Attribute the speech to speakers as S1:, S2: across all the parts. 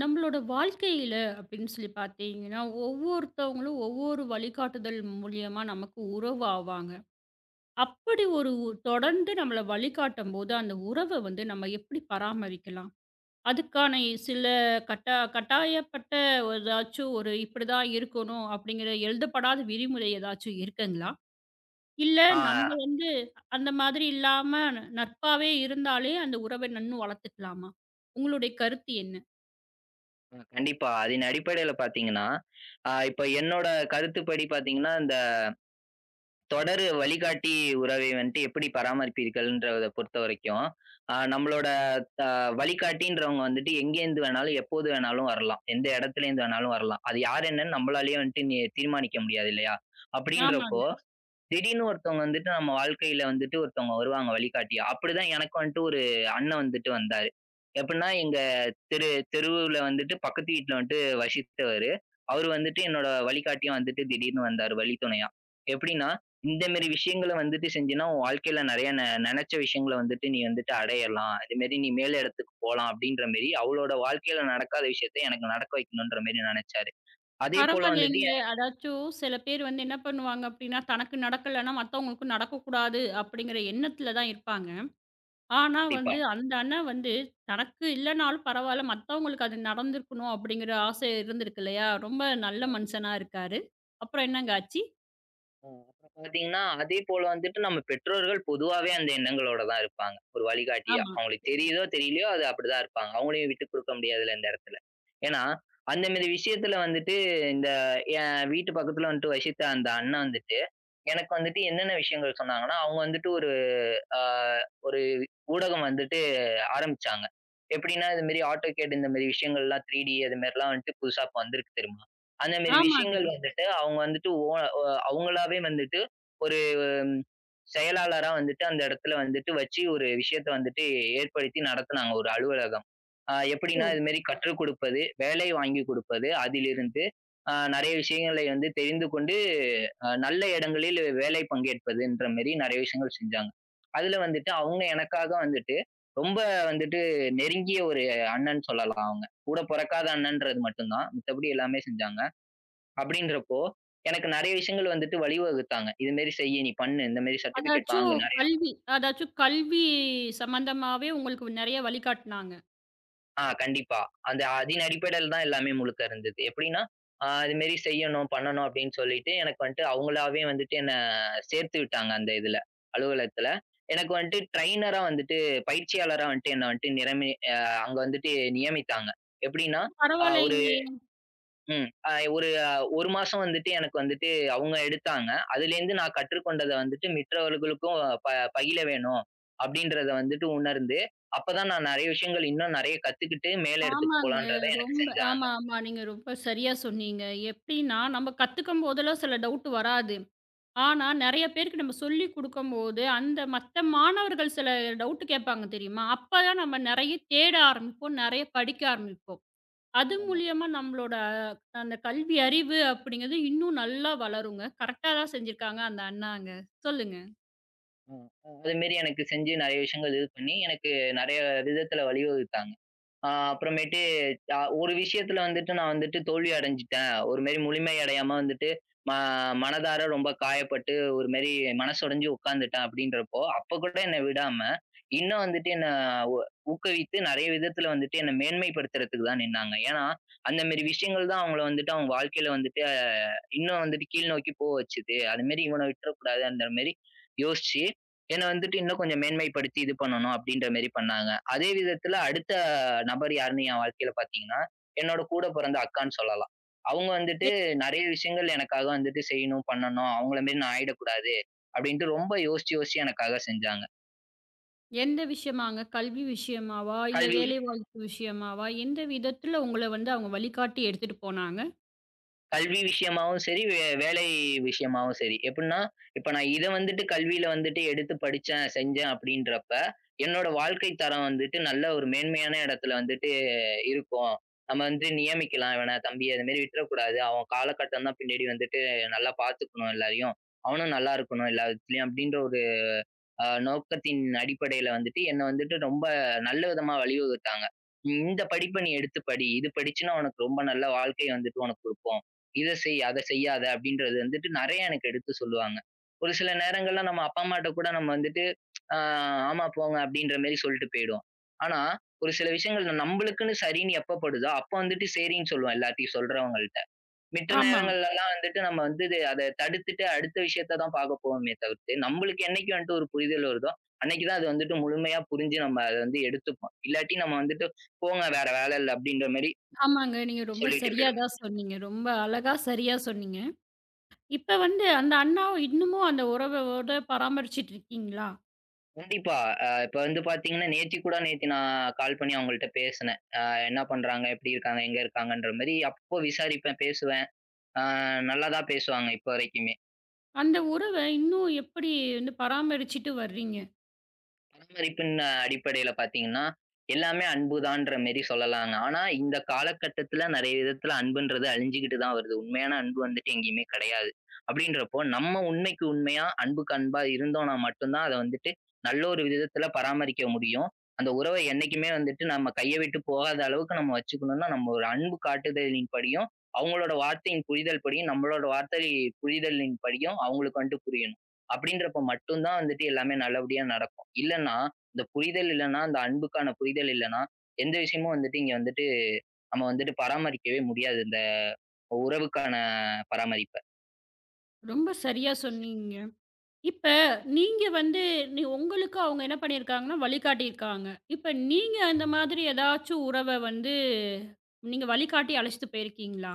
S1: நம்மளோட வாழ்க்கையில அப்பபிடின்னு பார்த்தீங்கன்னா, ஒவ்வொருத்தவங்களும் ஒவ்வொரு வழிகாட்டுதல் மூலியமா நமக்கு உறவு ஆவாங்க. அப்பபிடி ஒரு ஒ தொடர்ந்து நம்மள வழிகாட்டும்போது அந்த உறவ வந்து நம்ம எப்பபிடி பராமரிக்கலாம்? அதுக்கான சில கட்டா கட்டாயப்பட்ட எதாச்சும் ஒரு இப்பிடி தான் இருக்கணும் அப்பிடிங்கிற எழுதப்படாத விதிமுறை எதாச்சு இருக்குங்களா? இல்ல நம்ம
S2: ஆ.
S1: வந்து அந்த மாதிரி இல்லாம ந நட்பாவே இருந்தாலே அந்த உறவ இன்னும் வளர்த்துக்கலாமா? உங்களோட கருத்து என்ன?
S2: ம். கண்டிப்பா. அதின் அடிப்படையில பார்த்தீங்கன்னா, ஆ, இப்ப என்னோட கருத்துப்படி பார்த்தீங்கன்னா, அந்த தொடர் வழிகாட்டி உறவை வந்ட்டு எப்பிடி பராமரிப்பீர்கள்ன்றத பொறுத்தவரைக்கும், ஆ, நம்மளோட த வழிகாட்டின்றவுங்க வந்துட்டு எங்கிருந்து வேணாலும், எப்போது வேணாலும் வரலாம். எந்த இடத்துல இருந்து வேணாலும் வரலாம். அது யார் என்னன்னு நம்மளால வந்துட்டு நீ தீர்மானிக்க முடியாது இல்லயா! அப்பபிடின்றப்போ
S1: ஆமாங்க.
S2: திடீர்னு ஒருத்தவங்க வந்துட்டு நம்ம வாழ்க்கையில வந்துட்டு ஒருத்தவங்க வருவாங்க வழிகாட்டியா! அப்பபிடிதான் எனக்கும் வந்துட்டு ஒரு அண்ணன் வந்துட்டு வந்தாரு. எப்பபுட்ன்னா எங்க தெரு, தெருவுல வந்துட்டு பக்கத்து வீட்டுல வந்துட்டு வசித்தவரு. அவரு வந்துட்டு என்னோட வழிகாட்டியா வந்துட்டு திடீர்னு வந்தாரு வழித்துணையா! எப்பபிடின்னா, இந்த மாரி விஷயங்கள வந்துட்டு செஞ்சீன்னா, உன் வாழ்க்கையில நிறைய நெ நினைச்ச விஷயங்கள வந்துட்டு நீ வந்துட்டு அடையலாம். அதுமாரி நீ மேல இடத்துக்குப் போலாம் அப்பபிடின்றமாரி அவரோட வாழ்க்கையில நடக்காத விஷயத்த எனக்கு நடக்க வைக்கணுன்றமாரி நெனைச்சாரு. அதே போல வந்துட்டு
S1: பரவால்லீங்களே!
S2: எனக்கு.
S1: அதாச்சும் சில பேர் வந்து என்ன பண்ணுவாங்க அப்பபிடின்னா தனக்கு நடக்கலன்னா மத்தவங்களுக்கு நடக்கக்கூடாது அப்பபிடிங்கிற எண்ணத்துல தான் இருப்பாங்க. ஆனா
S2: கண்டிப்பா.
S1: வந்து அந்த அண்ணா வந்து தனக்கு இல்லன்னாலும் பரவாயில்ல, மத்தவங்களுக்கு அது நடந்திருக்கணும் அப்பபிடிங்கற ஆசை இருந்திருக்கு இல்லயா! ரொம்ப நல்ல
S2: ஓ.
S1: மனுஷனா இருக்காரு. அப்புறம் என்னங்க ஆச்சு?
S2: ம். இப்ப பார்த்தீங்கன்னா அதே போல வந்துட்டு நம்ம பெற்றோர்கள் பொதுவாவே அந்த எண்ணங்களோடதான் இருப்பாங்க. ஒரு வழிகாட்டியா.
S1: ஆமா.
S2: அவங்களுக்கு தெரியுதோ தெரியலியோ அது அப்படிதான் இருப்பாங்க. அவங்களையும் விட்டுக்குடுக்க முடியாதுல்ல இந்த இடத்துல. ஏன்னா அந்த மாரி விஷயத்துல வந்துட்டு இந்த என் வீட்டு பக்கத்துல வந்துட்டு வசித்த அந்த அண்ணா வந்துட்டு, எனக்கு வந்துட்டு என்னென்ன விஷயங்கள் சொன்னாங்கன்னா அவங்க வந்துட்டு ஒரு அ ஒரு ஊடகம் வந்துட்டு ஆரம்பிச்சாங்க. எப்படின்னா இந்த மாரி ஆட்டோகேட் இந்த மாரி விஷயங்கள்லாம் த்ரீ டி அது மாரிலாம் வந்துட்டு புதுசா இப்ப வந்திருக்கு தெரியுமா? அந்த மாரி
S1: ஆமாங்க.
S2: விஷயங்கள் வந்துட்டு அவங்க வந்துட்டு ஒ, ஒ, அவங்களாவே வந்துட்டு ஒரு செயலாளரா வந்துட்டு அந்த இடத்துல வந்துட்டு வச்சு ஒரு விஷயத்தை வந்துட்டு ஏற்படுத்தி நடத்துனாங்க ஒரு அலுவலகம். ஆ, எப்படின்னா
S1: ஓ.
S2: இது மாரி கற்றுக் குடுப்பது, வேலை வாங்கி குடுப்பது அதிலிருந்து ஆ, நிறைய விஷயங்களை வந்து தெரிந்து கொண்டு, நல்ல இடங்களில் வேலை பங்கேற்பதுன்ற மாரி நிறைய விஷயங்கள் செஞ்சாங்க. அதுல வந்துட்டு அவங்க எனக்காக வந்துட்டு ரொம்ப வந்துட்டு நெருங்கிய ஒரு அண்ணன் சொல்லலாம் அவங்க. கூடப் பொறக்காத அண்ணன்றது மட்டும்தான். மத்தபடி எல்லாமே செஞ்சாங்க. அப்படின்றப்போ எனக்கு நெறைய விஷயங்கள் வந்துட்டு வழிவகுத்தாங்க. இது மாரி செய், நீ பண்ணு, இந்த மாரி சர்டிபிகேட்
S1: அதாச்சு
S2: வாங்குனு நெறைய.
S1: கல்வி அதாச்சு கல்வி சம்பந்தமாவே உங்களுக்கு நெறைய வழிகாட்டுனாங்க.
S2: ஆ, கண்டிப்பா. அந்த அதின் அடிப்படையில் தான் எல்லாமே முழுக்க இருந்தது. எப்பிடின்னா, ஆ, இது மாதிரி செய்யணும், பண்ணணும் அப்பிடின்னு சொல்லிட்டு எனக்கு வந்துட்டு அவுங்களாவே வந்துட்டு என்ன சேர்த்துவிட்டாங்க. அந்த இதுல அலுவலகத்துல. எனக்கு வந்துட்டு டிரையினரா வந்துட்டு பயிற்சியாளரா வந்துட்டு என்ன வந்ட்டு நிரமே ஆ, அங்க வந்துட்டு நியமித்தாங்க. எப்பிடின்னா, ஆ, ஒரு,
S1: பரவாயில்லீங்களே!
S2: ம், அ ஒரு, ஒரு மாசம் வந்துட்டு எனக்கு வந்துட்டு அவுங்க எடுத்தாங்க. அதுலே இருந்து நான் கற்றுக்கொண்டத வந்துட்டு மித்தவர்களுக்கும் ப பயில வேணும் அப்பிடின்றதை வந்துட்டு உணர்ந்து, அப்பதான் நான் நிறைய விஷயங்கள், இன்னும் நிறைய கத்துக்கிட்டு மேல இடத்துக்குப்
S1: ஆமாங்க.
S2: போகலான்றத எனக்குச்
S1: ரொம்ப
S2: செஞ்சாங்க.
S1: ஆமா, ஆமா. நீங்க ரொம்ப சரியா சொன்னீங்க. எப்பிடின்னா நம்ம கத்துக்கம்போதுலாம் சில டவுட் வராது. ஆனா நிறைய பேருக்கு நம்ம சொல்லிக் கொடுக்கும் போது, அந்த மத்த மாணவர்கள் சில டவுட் கேப்பாங்க தெரியுமா? அப்ப தான் நாம நிறைய தேட ஆரம்பிப்போம். நிறைய படிக்க ஆரம்பிப்போம். அது
S2: [unintelligible]
S1: மூலியமா நம்மளோட அந்த கல்வி அறிவு அப்பிடிங்குது இன்னும் நல்லா வளருங்க. கரெக்டா தான் செஞ்சிருக்காங்க அந்த அண்ணாங்க. சொல்லுங்க.
S2: ம், ம். அதுமாரி எனக்குச் செஞ்சு நிறைய விஷயங்கள் இது பண்ணி, எனக்கு நிறைய விதத்துல வழிவகுத்தாங்க. அ, அப்புறமேட்டு அ ஒரு விஷயத்துல வந்துட்டு நான் வந்துட்டு தோல்வியடைஞ்சுட்டேன். ஒருமாரி முழுமை அடையாம வந்துட்டு மா மனதார ரொம்ப காயப்பட்டு ஒருமாரி மனசு உடஞ்சு உட்கார்ந்துட்டேன், அப்பிடின்றப்போ அப்பக் கூட என்ன விடாம இன்னும் வந்துட்டு என்னை உ ஊக்கவித்து நிறைய விதத்துல வந்துட்டு என்னை மேன்மைப்படுத்துறதுக்குதான் நின்னாங்க. ஏன்னா, அந்தமாரி விஷயங்கள் தான் அவுங்கள வந்துட்டு அவுங்க வாழ்க்கையில வந்துட்டு இன்னும் வந்துட்டு கீழ் நோக்கிப் போக வச்சது. அதுமாரி இவன விட்றக்கூடாதுன்றமாரிமாரி யோசிச்சு என்ன வந்துட்டு இன்னும் கொஞ்சம் மேன்மைப்படுத்தி இது பண்ணணும் அப்பிடின்றமாரி பண்ணாங்க. அதே விதத்துல அடுத்த நபர் யாருன்னு என் வாழ்க்கையில பார்த்தீங்கன்னா, என்னோட கூடப் பிறந்த அக்கான்னு சொல்லலாம். அவுங்க
S1: எ
S2: வந்துட்டு நிறைய விஷயங்கள் எனக்காக வந்துட்டு செய்யணும், பண்ணணும். அவுங்களமாரி நான் ஆயிடக்கூடாது அப்பிடின்டு ரொம்ப யோசிச்சு, யோசிச்சு எனக்காக செஞ்சாங்க.
S1: எந்த விஷயமாங்க? கல்வி விஷயமாவா? இல்ல
S2: கல்வி.
S1: வேலைவாய்ப்பு விஷயமாவா? எந்த விதத்துல உங்கள வந்து, அவங்க வழிகாட்டி எடுத்துட்டு போனாங்க.
S2: கல்வி விஷயமாவும் சரி, வே வேலை விஷயமாவும் சரி, எப்படின்னா, இப்ப நான் இதை வந்துட்டு கல்வியில வந்துட்டு எடுத்து படிச்சேன், செஞ்சேன் அப்படின்றப்ப, என்னோட வாழ்க்கைத்தரம் வந்துட்டு நல்ல ஒரு மேன்மையான இடத்துல வந்துட்டு இருக்கும். நம்ம வந்து நியமிக்கலாம். இவன, தம்பி, அது மாரி விட்டுறக்கூடாது. அவன் காலகட்டம் தான் பின்னாடி வந்துட்டு நல்லா பாத்துக்கணும் எல்லாரையும். அவனும் நல்லா இருக்கணும், எல்லாவிதத்துலயும் அப்படின்ற ஒரு ஆ, நோக்கத்தின் அடிப்படையில வந்துட்டு என்ன வந்துட்டு ரொம்ப நல்ல விதமா வழிவகுத்தாங்க. "இந்த படிப்பை நீ எடுத்துப் படி. இது படிச்சீன்னா உனக்கு ரொம்ப நல்ல வாழ்க்கை வந்துட்டு உனக்கு கொடுப்போம். இதைச் செய், அதைச் செய்யாதே," அப்படின்றது வந்துட்டு நெறைய எனக்கு எடுத்துச் சொல்லுவாங்க. ஒரு சில நேரங்கள்ல நம்ம அப்பா, அம்மாட்ட கூட நம்ம வந்துட்டு, ஆ, "ஆமா, போங்க," அப்படின்ற மாரி சொல்லிட்டு போயிடுவோம். ஆனா, ஒரு சில விஷயங்கள் நம்மளுக்குன்னு சரின்னு எப்ப படுதோ, அப்ப வந்துட்டு சரின்னு சொல்வோம், எல்லாத்தையும் சொல்றவங்கள்ட. மித்த
S1: ஆமா.
S2: நேரங்கள்ல எல்லாம் வந்துட்டு நம்ம வந்து அத தடுத்துட்டு, அடுத்த விஷயத்தை தான் பாக்கப் போனுமே தவிர்த்து, நம்மளுக்கு என்னைக்கு வந்துட்டு ஒரு புரிதல் வருதோ, அன்னைக்கு தான் அது வந்துட்டு முழுமையா புரிஞ்சு, நம்ம அதை வந்து எடுத்துப்போம். இல்லாட்டி, நம்ம வந்துட்டு "போங்க, வேற வேலை இல்ல," அப்படின்ற மாரி
S1: ஆமாங்க. நீங்க ரொம்ப
S2: சொல்லிட்டு
S1: சரியா
S2: போயிடுவோம்.
S1: தான் சொன்னீங்க. ரொம்ப அழகா, சரியா சொன்னீங்க. இப்ப வந்து, அந்த அண்ணாவா இன்னமும் அந்த உறவோட பராமரிச்சிட்டு இருக்கீங்களா?
S2: கண்டிப்பா. அ இப்ப வந்து பார்த்தீங்கன்னா நேத்து கூட நேத்து நான் கால் பண்ணி அவங்கள்ட்ட பேசினேன். அ என்ன பண்றாங்க, எப்படி இருக்காங்க, எங்க இருக்காங்கன்ற மாரி அப்போ விசாரிப்பேன், பேசுவேன். ஆ, நல்லாதான் பேசுவாங்க இப்ப வரைக்குமே.
S1: அந்த உறவ இன்னும் எப்படி வந்து பராமரிச்சிட்டு வர்றீங்க?
S2: பராமரிப்பின் அடிப்படையில பார்த்தீங்கன்னா எல்லாமே அன்புதான்ற மாரி சொல்லலாம். ஆனா இந்தக் காலகட்டத்துல நெறைய விதத்துல அன்புன்றது அழிஞ்சுகிட்டு தான் வருது. உண்மையான அன்பு வந்துட்டு எங்கயுமே கிடையாது. அப்படின்றப்போ நம்ம உண்மைக்கு உண்மையா, அன்புக்கு அன்பா இருந்தோம்னா மட்டும்தான் அதை வந்துட்டு நல்ல ஒரு விதத்துல பராமரிக்க முடியும். அந்த உறவை என்னைக்குமே வந்துட்டு நம்ம கையை விட்டுப் போகாத அளவுக்கு நம்ம வச்சுக்கணும்னா, நம்ம ஒரு அன்பு காட்டுதலின்படியும், அவங்களோட வார்த்தையின் புரிதல்படியும், நம்மளோட வார்த்தையின் புரிதலின்படியும் அவங்களுக்கு வந்துட்டு புரியணும். அப்படின்றப்போ மட்டும்தான் வந்துட்டு எல்லாமே நல்லபடியா நடக்கும். இல்லைன்னா, இந்த புரிதல் இல்லைன்னா, அந்த அன்புக்கான புரிதல் இல்லைன்னா, எந்த விஷயமும் வந்துட்டு இங்க வந்துட்டு நம்ம வந்துட்டு பராமரிக்கவே முடியாது. இந்த உறவுக்கான பராமரிப்ப.
S1: ரொம்ப சரியா சொன்னீங்க. இப்ப நீங்க வந்து உங்களுக்கு அவங்க என்ன பண்ணியிருக்காங்கன்னா வழிகாட்டியிருக்காங்க. இப்ப நீங்க அந்த மாதிரி எதாச்சு உறவ வந்து நீங்க வழிகாட்டி அழைச்சுட்டு போயிருக்கீங்களா?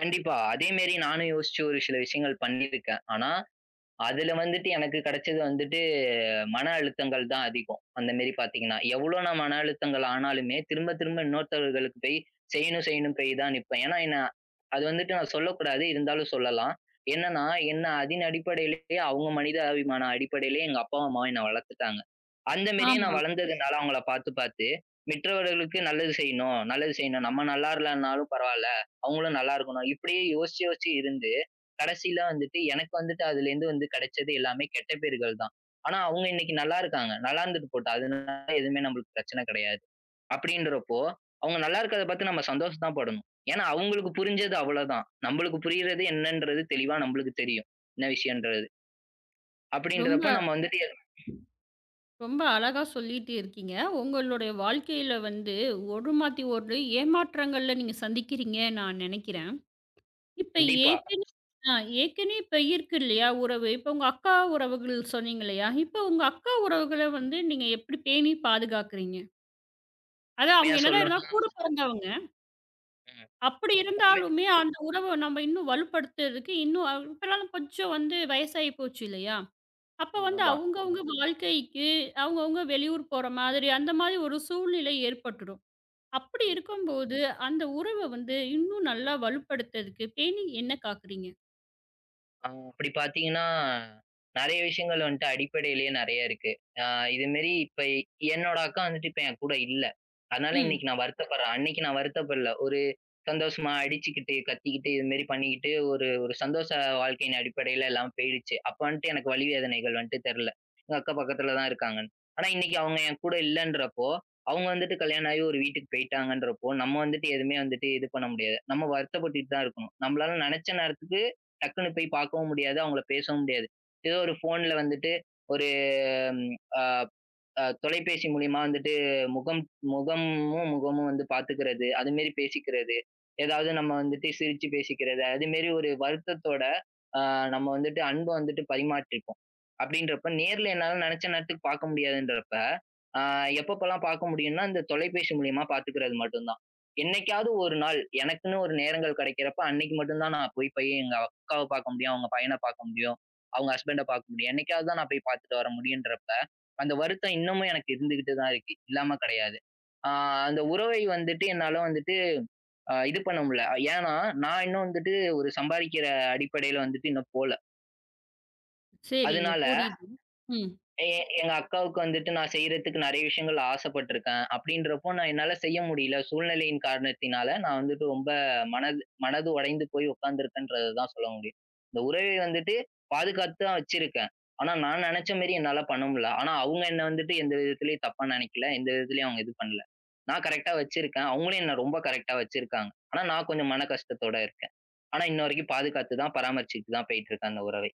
S2: கண்டிப்பா. அதேமாரி நானும் யோசிச்சு ஒரு சில விஷயங்கள் பண்ணி இருக்கேன். ஆனா, அதுல வந்துட்டு எனக்குக் கிடைச்சது வந்துட்டு மனஅழுத்தங்கள் தான் அதிகம். அந்தமாரி பாத்தீங்கன்னா. எவ்ளோ நான் மனஅழுத்தங்கள் ஆனாலுமே திரும்பத் திரும்ப இன்னொருத்தவர்களுக்குப் போய் செய்யணும், செய்யணும்னு போய் தான் நிப்பேன். ஏன்னா நான் அது வந்துட்டு நான் சொல்லக் கூடாது. இருந்தாலும் சொல்லலாம். என்னன்னா, என்ன அதின் அடிப்படையிலயே, அவுங்க மனிதாபிமான அடிப்படையிலயே எங்க அப்பாவும், அம்மாவும் என்ன வளர்த்துட்டாங்க. அந்தமாரியே நான்
S1: ஆமா.
S2: வளர்ந்ததுனால அவுங்கள பார்த்துப் பார்த்து மற்றவர்களுக்கு நல்லது செய்யணும், நல்லது செய்யணும். நம்ம நல்லா இல்லன்னாலும் பரவாயில்ல. அவுங்களும் நல்லா இருக்கணும். இப்பிடியே யோசிச்சு யோசிச்சு இருந்து கடைசியில வந்துட்டு எனக்கு வந்துட்டு அதுல இருந்து வந்து கிடைச்சது எல்லாமே கெட்ட பெயர்கள் தான். ஆனா அவுங்க இன்னக்கி நல்லா இருக்காங்க. நல்லா இருந்தது போட்டும். அதுனால எதுவுமே நமக்குப் பிரச்சன கிடையாது. அப்பிடின்றப்போ அவுங்க நல்லா இருக்கிறத பார்த்து நம்ம சந்தோஷம் தான் படணும். ஏன்னா அவுங்களுக்கு புரிஞ்சது அவ்ள தான். நம்மளுக்கு புரியிறது என்னன்றது தெளிவா நம்மளுக்கு தெரியும். என்ன விஷயம்ன்றது. அப்பிடின்றப்ப
S1: ரொம்ப,
S2: நம்ம வந்துட்டு, எது
S1: ரொம்ப அழகா சொல்லிட்டே இருக்கீங்க. உங்களோட வாழ்க்கையில வந்து ஒரு மாத்தி ஒரு ஏமாற்றங்கள நீங்கச் சந்திக்கிறீங்க நான் நினைக்கிறேன். இப்ப
S2: கண்டிப்பா.
S1: ஏற்கனவே ஆ ஏற்கனவே இருக்கு இல்லயா உறவு. இப்ப உங்க அக்கா உறவுகள் சொன்னீங்க இல்லயா! இப்போ உங்க அக்கா உறவுகள வந்து நீங்க எப்பிடி பேணி பாதுகாக்குறீங்க? அது அவங்க
S2: உண்மையா சொல்லணும்னா
S1: என்னதான் கூடப் பொறந்தவங்க.
S2: ம்,
S1: அப்படி
S2: உண்மை.
S1: இருந்தாலுமே அந்த உறவை நாம இன்னும் வலுப்படுத்துறதுக்கு இன்னும் [unintelligible] இப்பனாலும் கொஞ்சம் வந்து வயசாயி போச்சு இல்லையா? அப்போ வந்து
S2: ஆமா.
S1: அவங்கவங்க வாழ்க்கைக்கு அவங்கவங்க வெளியூர் போற மாதிரி அந்த மாரி ஒரு சூழ்நிலை ஏற்பட்டுடும். அப்படி
S2: அ
S1: இருக்கும்போது அந்த உறவு வந்து இன்னும் நல்லா வலுப்படுத்தறதுக்கு, பேணி என்ன காக்குறீங்க?
S2: அ அப்படி பார்த்தீங்கன்னா, நெறைய விஷயங்கள் வந்துட்டு அடிப்படையிலயே நெறைய இருக்கு. அ இது மாரி இப்ப என்னோட அக்கா வந்துட்டு இப்ப என் கூட இல்ல. அதனால
S1: ம்.
S2: இன்னைக்கு நான் வருத்தப்படுறேன். அன்னைக்கு நான் வருத்தப்படல. ஒரு சந்தோஷமா அடிச்சிக்கிட்டு, கத்திக்கிட்டு இது மாரி பண்ணிக்கிட்டு ஒரு ஒரு சந்தோஷ வாழ்க்கையின் அடிப்படையில எல்லாம் போயிடுச்சு. அப்ப வந்துட்டு எனக்கு வலி, வேதனைகள் வந்துட்டு தெரியல. எங்க அக்கா பக்கத்துல தான் இருக்காங்கன்னு. ஆனா இன்னைக்கு அவங்க என் கூட இல்லன்றப்போ, அவங்க வந்துட்டு கல்யாணம் ஆகி ஒரு வீட்டுக்கு போயிட்டாங்கன்றப்போ, நம்ம வந்துட்டு எதுவுமே வந்துட்டு இது பண்ண முடியாது. நம்ம வருத்தப்பட்டுக் கிட்டு தான் இருக்கோம். நம்மளால நெனைச்ச நேரத்துக்கு டக்குன்னு போய்ப் பார்க்கவும் முடியாது. அவங்கள பேசவும் முடியாது. ஏதோ ஒரு போன்ல வந்துட்டு ஒரு தொலைபேசி மூலமா வந்துட்டு முகம், முகமும் முகமும் வந்து பாத்துக்கிறது. அது மாரி பேசிக்கிறது. ஏதாவது நம்ம வந்துட்டு சிரிச்சு பேசிக்கிறது. அது மாரி ஒரு வருத்தத்தோட நம்ம வந்துட்டு அன்பு வந்துட்டு பரிமாறிக்குவோம் அப்படின்றப்போ நேர்ல என்னால நினைச்ச நேரத்துக்கு பார்க்க முடியாதுன்றப்ப, எப்போப்பல்லாம் பார்க்க முடியும்னா, இந்தத் தொலைபேசி மூலமா பாத்துக்கிறது மட்டும்தான். என்னைக்காவது ஒரு நாள் எனக்குன்னு ஒரு நேரங்கள் கிடைக்கிறப்ப அன்னைக்கு மட்டும்தான் நான் போய்ப் போய் எங்க அக்காவை பார்க்க முடியும், அவங்க பையனை பார்க்க முடியும், அவங்க ஹஸ்பண்ட்ட பார்க்க முடியும். என்னைக்காவது தான் நான் போய்ப் பார்த்துட்டு வர முடியும்ன்றப்ப, அந்த வருத்தம் இன்னமும் எனக்கு இருந்துகிட்டு தான் இருக்கு. இல்லாம கிடையாது. அந்த உறவை வந்துட்டு, என்னால வந்துட்டு இது பண்ண முடியல. ஏன்னா நான் இன்னும் வந்துட்டு ஒரு சம்பாதிக்கிற அடிப்படையில வந்துட்டு இன்னும் போல.
S1: சரிங்க
S2: அதுனால,
S1: புரியுது. ம்.
S2: எ எங்க அக்காவுக்கு வந்துட்டு நான் செய்றதுக்கு நறைய விஷயங்கள் ஆசைப்பட்டுருக்கேன். அப்டின்றப்போ நான் என்னால செய்ய முடில. சூழ்நிலையின் காரணத்தினால நான் வந்துட்டு ரொம்ப மனது மனது உடைந்து போய் உக்காந்துருக்கன்றத தான் சொல்ல முடியும். அந்த உறவை வந்துட்டு பாதுகாத்து தான் வச்சிருக்கேன். ஆனா நான் நெனைச்ச மாரி என்னால பண்ண முடில. ஆனா அவங்க என்னை வந்துட்டு எந்த விதத்துலயும் தப்பா நினைக்கல. எந்த விதத்துலயும் அவங்க எது பண்ல. நான் கரெக்ட்டா வச்சிருக்கேன். அவங்களும் என்னை ரொம்ப கரெக்ட்டா வச்சிருக்காங்க. ஆனா நான் கொஞ்சம் மனக்கஷ்டத்தோட இருக்கேன். ஆனா இன்னவரைக்கும் பாதுகாத்து தான் பராமரிச்சிட்டு தான் போயிட்டு இருக்கு அந்த உறவை.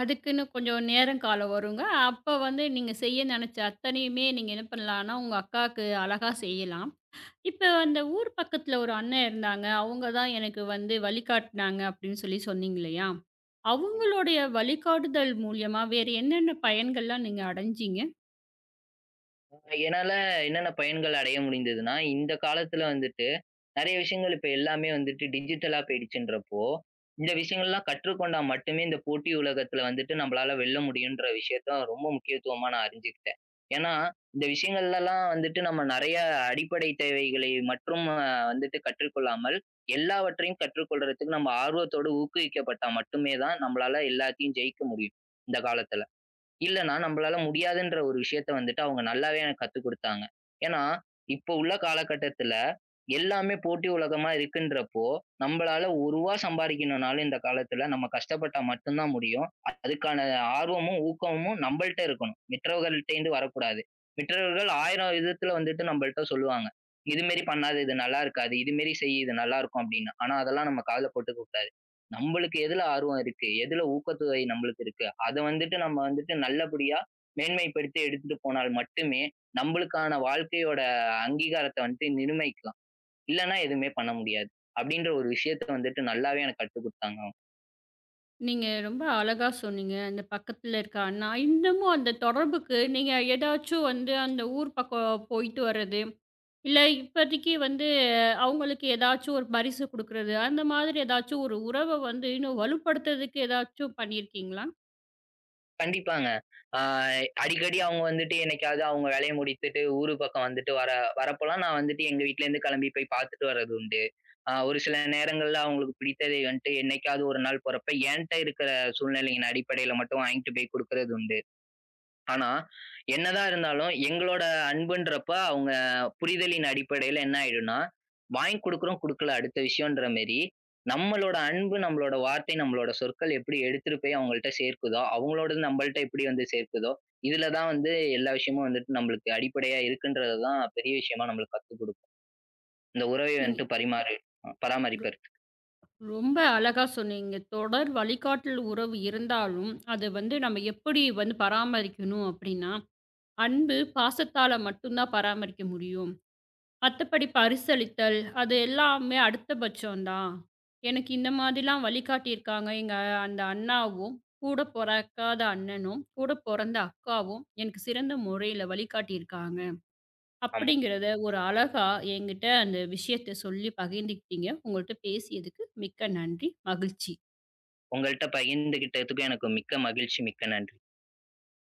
S1: அதுக்குன்னு கொஞ்சம் நேரம் காலம் வருங்க. அப்போ வந்து நீங்க செய்ய நெனைச்ச அத்தனையுமே நீங்க என்ன பண்ணலாம்னா உங்க அக்காக்கு அழகா செய்யலாம். இப்போ அந்த ஊர் பக்கத்துல ஒரு அண்ணன் இருந்தாங்க. அவங்க தான் எனக்கு வந்து வழிகாட்டுனாங்க அப்டின்னு சொல்லி சொன்னீங்க இல்லையா? அவங்களுடைய வழிகாட்டுதல் மூலியமா வேறு என்னென்ன பயன்கள்லாம் நீங்க அடைஞ்சீங்க?
S2: என்னால என்னென்ன பயன்கள் அடைய முடிந்ததுன்னா, இந்தக் காலத்துல வந்துட்டு நறைய விஷயங்கள் இப்ப எல்லாமே வந்துட்டு டிஜிட்டலா போயிடுச்சுன்றப்போ, இந்த விஷயங்கள்லாம் கற்றுக்கொண்டால் மட்டுமே இந்தப் போட்டி உலகத்துல வந்துட்டு நம்மளால வெல்ல முடியும்ன்ற விஷயத்தை ரொம்ப முக்கியத்துவமா நான் அறிஞ்சுகிட்டேன். ஏன்னா இந்த விஷயங்கள்லலாம் வந்துட்டு நம்ம நறைய அடிப்படை தேவைகளை மட்டும் அ வந்துட்டு கற்றுக் கொள்ளாமல் எல்லாவற்றையும் கற்றுக் கொள்றதுக்கு, நம்ம ஆர்வத்தோட ஊக்குவிக்கப்பட்டா மட்டுமே தான் நம்மளால எல்லாத்தையும் ஜெயிக்க முடியும் இந்தக் காலத்துல. இல்லன்னா நம்பளால முடியாதுன்ற ஒரு விஷயத்த வந்துட்டு அவங்க நல்லாவே எனக்குக் கத்துக் குடுத்தாங்க. ஏன்னா, இப்போ உள்ள காலகட்டத்துல எல்லாமே போட்டி உலகமா இருக்குன்றப்போ, நம்பளால 1 ரூபா சம்பாதிக்கணும்னாலும் இந்த காலத்துல நம்ம கஷ்டப்பட்டா மட்டும்தான் முடியும். அதுக்கான ஆர்வமும், ஊக்கமும் நம்பள்ட்ட இருக்கணும். மற்றவர்கள்கிட்டருந்து வரக் கூடாது. மற்றவர்கள் ஆயிரம் விதத்துல வந்துட்டு நம்பள்ட்ட சொல்லுவாங்க. இது மாரி பண்ணாதே, இது நல்லாருக்காது, இது மாதிரி செய் இது நல்லா இருக்கும் அப்படின்னா. ஆனா அதெல்லாம் நம்ம காதுல போட்டுக்கக் கூடாது நம்பளுக்கு எதுல ஆர்வம் இருக்கு, எதுல ஊக்கத்தொகை நம்மளுக்கு இருக்கு, அதை வந்துட்டு நம்ம வந்துட்டு நல்லபடியா மேன்மைப்படுத்தி எடுத்துட்டு போனால் மட்டுமே நம்மளுக்கான வாழ்க்கையோட அ அங்கீகாரத்த வந்துட்டு நிர்மைக்கலாம். இல்லன்னா எதுவுமே பண்ண முடியாது. அப்படின்ற ஒரு விஷயத்த வந்துட்டு நல்லாவே எனக்குக் கத்துக் குடுத்தாங்க அவங்க.
S1: நீங்க ரொம்ப அழகா சொன்னீங்க. அந்தப் பக்கத்துல இருக்கான்னா இன்னமும் அந்தத் தொடர்புக்கு நீங்க எதாச்சும் வந்து அந்த ஊர் பக்கம் போயிட்டு வர்றது, இல்ல இப்போதைக்கு வந்து அவங்களுக்கு எதாச்சும் ஒரு பரிசு கொடுக்கறது? அந்த மாதிரி எதாச்சும் ஒரு உறவை வந்து இன்னும் வலுப்படுத்தறதுக்கு எதாச்சும் பண்ணி இருக்கீங்களா?
S2: கண்டிப்பாங்க. அ அடிக்கடி அவங்க வந்துட்டு என்னைக்காவது அவங்க வேலைய முடித்துட்டு ஊரு பக்கம் வந்துட்டு வர வரப்போலாம் நான் வந்துட்டு எங்க வீட்டுல இருந்து கிளம்பி போய்ப் பாத்துட்டு வர்றது உண்டு. அ ஒரு சில நேரங்கள்ல, அவங்களுக்கு பிடித்ததை வந்துட்டு என்னைக்காவது ஒரு நாள் போறப்ப, என்கிட்ட இருக்கிற சூழ்நிலையின் அடிப்படையில மட்டும் வாங்கிட்டு போய்க் குடுக்கிறது உண்டு. ஆனா என்னதான் இருந்தாலும் எங்களோட அன்புன்றப்போ அவங்க அ-புரிதலின் அடிப்படையில என்ன ஆயிடுனா, வாங்கிக் கொடுக்கிறோம், குடுக்கல, அடுத்த விஷயம்ன்ற மாதிரி நம்மளோட அன்பு, நம்மளோட வார்த்தை, நம்மளோட சொற்கள் எப்படி எடுத்துட்டு போய் அவங்கள்ட சேர்க்குதோ, அவங்களோடது நம்மள்ட்ட எப்படி வந்து சேர்க்குதோ? இதுல தான் வந்து எல்லா விஷயமும் வந்துட்டு நம்மளுக்கு அடிப்படையா இருக்குன்றதை தான் பெரிய விஷயமா நம்மளுக்கு கத்துக் கொடுக்கும். இந்த உறவை
S1: நீங்க
S2: வந்துட்டு பரிமாறு
S1: து
S2: பராமரிப்பு
S1: ரொம்ப அழகா சொன்னீங்க. தொடர் வழிகாட்டுல், உறவு இருந்தாலும் அது வந்து நாம எப்படி வந்து பராமரிக்கணும் அப்படின்னா? அன்பு, பாசத்தால மட்டும்தான் பராமரிக்க முடியும். மத்தபடி பரிசளித்தல் அது எல்லாமே அடுத்த பட்சம் தான், எனக்கு இந்த மாதிரி ல்லாம் வழிகாட்டி இருக்காங்க. எங்க அந்த அண்ணாவும், கூடப் பொறகாத அண்ணனும், கூடப் பொறந்த அக்காவும் எனக்குச் சிறந்த முறையில வழிகாட்டி இருக்காங்க,
S2: ஆமா.
S1: அப்படிங்கறத ஒரு அழகா என்கிட்ட அந்த விஷயத்தைச் சொல்லிப் பகிர்ந்துகிட்டிங்க. உங்ககிட்ட பேசியதுக்கு மிக்க நன்றி, மகிழ்ச்சி.
S2: உங்கள்ட்ட பகிர்ந்துக்கிட்டதுக்கு எனக்கு மிக்க மகிழ்ச்சி, மிக்க நன்றி.